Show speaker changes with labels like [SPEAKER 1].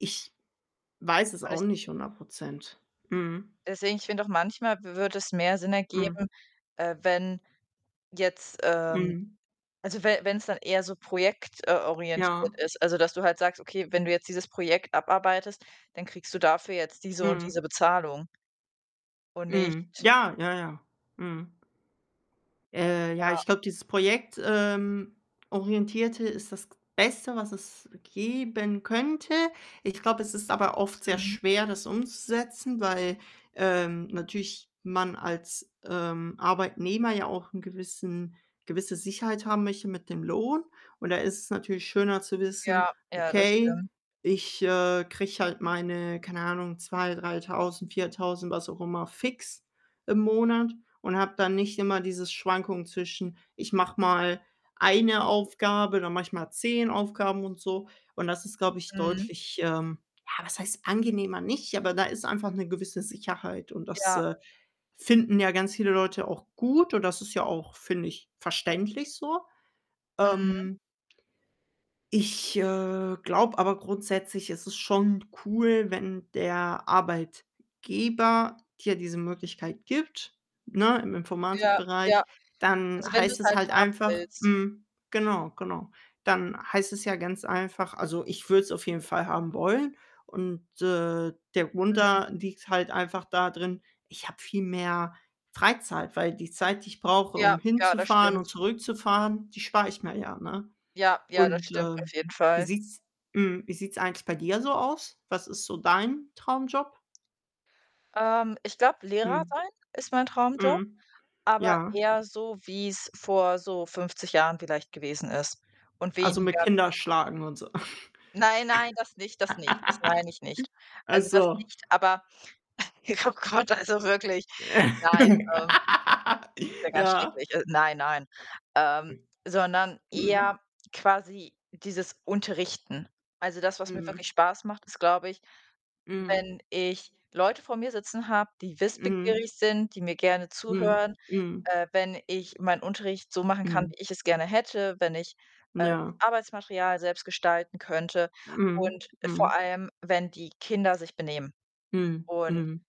[SPEAKER 1] Ich weiß es
[SPEAKER 2] War
[SPEAKER 1] auch
[SPEAKER 2] das
[SPEAKER 1] nicht 100 %. Mhm.
[SPEAKER 2] Deswegen, ich finde auch manchmal w wird es mehr Sinn
[SPEAKER 1] Mhm.
[SPEAKER 2] ergeben, äh, wenn jetzt, ähm
[SPEAKER 1] Mhm.
[SPEAKER 2] also we wenn's dann eher so projekt, äh,
[SPEAKER 1] Ja.
[SPEAKER 2] orientiert ist, also, dass du halt sagst: „Okay, wenn du jetzt dieses Projekt abarbeitest, dann kriegst du dafür jetzt diese und
[SPEAKER 1] Mhm.
[SPEAKER 2] diese Bezahlung“, und
[SPEAKER 1] Mhm.
[SPEAKER 2] nicht
[SPEAKER 1] Ja, ja, ja. Mhm. Äh, ja,
[SPEAKER 2] Ja.
[SPEAKER 1] ich glaube, dieses projekt, ähm, orientierte ist das g Beste, was es geben könnte. Ich glaube, es ist aber oft sehr
[SPEAKER 2] Mhm.
[SPEAKER 1] schwer, das umzusetzen, weil, ähm, natürlich man als, ähm, Arbeitnehmer ja auch 'n gewissen gewisse Sicherheit haben möchte mit dem Lohn. Und da ist es natürlich schöner zu wissen:
[SPEAKER 2] Ja, ja, das
[SPEAKER 1] „Okay,
[SPEAKER 2] stimmt.
[SPEAKER 1] ich, äh, kriege halt meine, keine Ahnung, 2000, 3000, 4000, was auch immer fix im Monat und habe dann nicht immer diese Schwankungen zwischen: ‚Ich mache mal eine Aufgabe, dann mache ich mal 10 Aufgaben und so.‘“ Und das ist, glaube ich,
[SPEAKER 2] Mhm.
[SPEAKER 1] deutlich, ähm ja, was heißt „angenehmer“, nicht aber da ist einfach 'ne gewisse Sicherheit und das,
[SPEAKER 2] Ja.
[SPEAKER 1] äh, finden ja ganz viele Leute auch gut und das ist ja auch, finde ich, verständlich so.
[SPEAKER 2] Mhm.
[SPEAKER 1] Ähm ich, äh, glaube aber grundsätzlich, es ist schon cool, wenn der Arbeitgeber dir diese Möglichkeit gibt, ne, im
[SPEAKER 2] Ja, ja.
[SPEAKER 1] Informatikbereich, dann
[SPEAKER 2] Also, wenn
[SPEAKER 1] heißt
[SPEAKER 2] du's
[SPEAKER 1] es
[SPEAKER 2] halt
[SPEAKER 1] halt
[SPEAKER 2] haben
[SPEAKER 1] einfach
[SPEAKER 2] willst.
[SPEAKER 1] mhm, genau, genau. Dann heißt es ja ganz einfach also, ich würde es auf jeden Fall haben wollen. Und, äh, der Grund da
[SPEAKER 2] Mhm.
[SPEAKER 1] liegt halt einfach da drin, ich habe viel mehr Freizeit, weil die Zeit, die ich brauche,
[SPEAKER 2] Ja,
[SPEAKER 1] um
[SPEAKER 2] ja, das
[SPEAKER 1] hinzufahren und
[SPEAKER 2] stimmt.
[SPEAKER 1] zurückzufahren, die spare ich mir ja, ne?
[SPEAKER 2] Ja, ja, das
[SPEAKER 1] Und,
[SPEAKER 2] stimmt
[SPEAKER 1] äh,
[SPEAKER 2] auf jeden
[SPEAKER 1] wie
[SPEAKER 2] Fall.
[SPEAKER 1] sieht's mhm, wie sieht's eigentlich bei dir so aus? Was ist so dein Traumjob?
[SPEAKER 2] Ähm, ich glaube, Lehrer
[SPEAKER 1] Mhm.
[SPEAKER 2] sein ist mein Traumjob,
[SPEAKER 1] Mhm.
[SPEAKER 2] aber
[SPEAKER 1] Ja.
[SPEAKER 2] eher so, wie's vor so 50 Jahren vielleicht gewesen ist und
[SPEAKER 1] Also, mit
[SPEAKER 2] weniger wie's
[SPEAKER 1] Kinder schlagen und so?
[SPEAKER 2] Nein, nein, das nicht, das nicht, das meine ich nicht.
[SPEAKER 1] Ach,
[SPEAKER 2] Also, das
[SPEAKER 1] so.
[SPEAKER 2] nicht, aber oh Gott, also, wirklich, nein, ähm Ist ja ganz
[SPEAKER 1] Ja.
[SPEAKER 2] schrecklich. Äh, nein, nein. Ähm, sondern
[SPEAKER 1] Mhm.
[SPEAKER 2] eher quasi dieses Unterrichten. Also, das, was mir
[SPEAKER 1] Mhm.
[SPEAKER 2] wirklich Spaß macht, ist, glaube ich,
[SPEAKER 1] Mhm.
[SPEAKER 2] wenn ich Leute vor mir sitzen habe, die
[SPEAKER 1] Mhm.
[SPEAKER 2] wissbegierig sind, die mir gerne
[SPEAKER 1] Mhm,
[SPEAKER 2] zuhören,
[SPEAKER 1] mhm.
[SPEAKER 2] äh, wenn ich meinen Unterricht so machen kann,
[SPEAKER 1] Mhm.
[SPEAKER 2] wie ich es gerne hätte, wenn ich, äh, das
[SPEAKER 1] Ja.
[SPEAKER 2] Arbeitsmaterial selbst gestalten könnte und
[SPEAKER 1] Mhm,
[SPEAKER 2] vor
[SPEAKER 1] mhm.
[SPEAKER 2] allem, wenn die Kinder sich benehmen.
[SPEAKER 1] Mhm.
[SPEAKER 2] Und
[SPEAKER 1] Mhm.